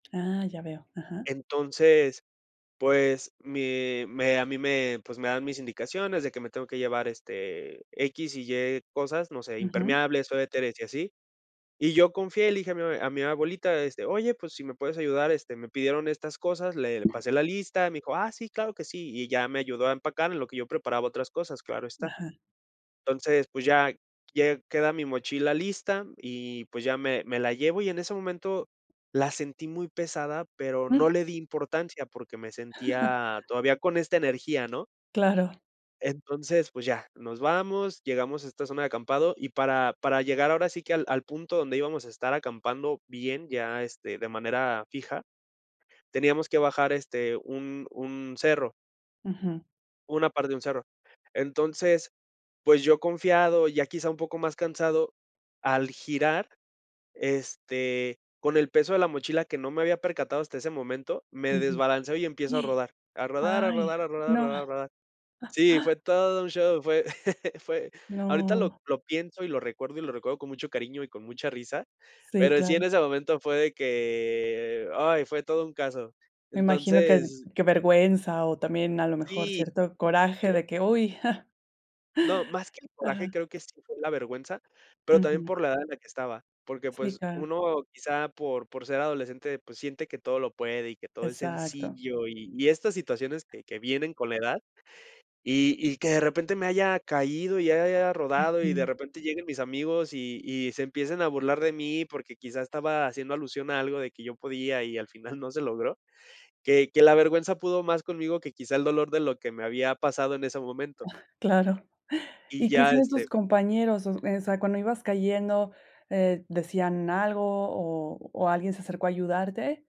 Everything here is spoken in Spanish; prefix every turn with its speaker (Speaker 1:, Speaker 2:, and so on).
Speaker 1: Ah, ya veo. Ajá.
Speaker 2: Entonces, pues, me me a mí me, pues, me dan mis indicaciones de que me tengo que llevar, este, x y y cosas, no sé,
Speaker 1: Ujú.
Speaker 2: impermeables, suéteres y así. Y yo confié y le dije a mi abue a mi abuelita, este: "Oye, pues, si me puedes ayudar, este, me pidieron estas cosas" Le le pasé la lista, me dijo: "Ah sí, claro que sí". Y ya me ayudó a empacar en lo que yo preparaba otras cosas, claro está.
Speaker 1: Ajá.
Speaker 2: Entonces, pues ya lle queda mi mochila lista y pues ya me me la llevo y en ese momento la sentí muy pesada, pero no le di importancia porque me sentía todavía con esta energía, ¿no?
Speaker 1: Claro.
Speaker 2: Entonces, pues, ya, nos vamos, llegamos a esta zona de acampado y para para llegar ahora sí que al al punto donde íbamos a estar acampando bien, ya, este, de manera fija, teníamos que bajar, este, un un cerro.
Speaker 1: Ujú.
Speaker 2: Una parte de un cerro. Entonces, pues, yo confiado, ya quizá un poco más cansado, al girar, este, con el peso de la mochila que no me había percatado hasta ese momento, me
Speaker 1: Ujú.
Speaker 2: desbalanceo y empiezo a rodar. A rodar, a
Speaker 1: Ay,
Speaker 2: rodar, a rodar, a
Speaker 1: no.
Speaker 2: rodar, rodar. Sí, fue todo un show, fue fue ahorita
Speaker 1: No.
Speaker 2: lo lo pienso y lo recuerdo, y lo recuerdo con mucho cariño y con mucha risa,
Speaker 1: Sí,
Speaker 2: pero sí, en
Speaker 1: claro.
Speaker 2: ese momento fue de que ¡ay! Fue todo un caso.
Speaker 1: Me imagino que el
Speaker 2: Entonces
Speaker 1: qué vergüenza, o también, a lo mejor,
Speaker 2: sí,
Speaker 1: cierto coraje,
Speaker 2: creo
Speaker 1: de que, uy,
Speaker 2: No, más que el coraje
Speaker 1: ajá.
Speaker 2: creo que sí fue la vergüenza, pero también
Speaker 1: Ujú.
Speaker 2: por la edad en la que estaba, porque
Speaker 1: Sí,
Speaker 2: pues,
Speaker 1: claro.
Speaker 2: uno quizá por por ser adolescente, pues, siente que todo lo puede y que todo es
Speaker 1: Exacto.
Speaker 2: sencillo y y estas situaciones que que vienen con la edad y y que de repente me haya caído y haya rodado y de
Speaker 1: Ujú.
Speaker 2: repente lleguen mis amigos y y se empiecen a burlar de mí, porque quizá estaba haciendo alusión a algo de que yo podía y al final no se logró, que que la vergüenza pudo más conmigo que quizá el dolor de lo que me había pasado en ese momento.
Speaker 1: Claro.
Speaker 2: Y
Speaker 1: ¿Y qué
Speaker 2: ya,
Speaker 1: hicieron tus
Speaker 2: este
Speaker 1: compañeros? O s esa cuando ibas cayendo, eh, ¿decían algo o o alguien se acercó a ayudarte?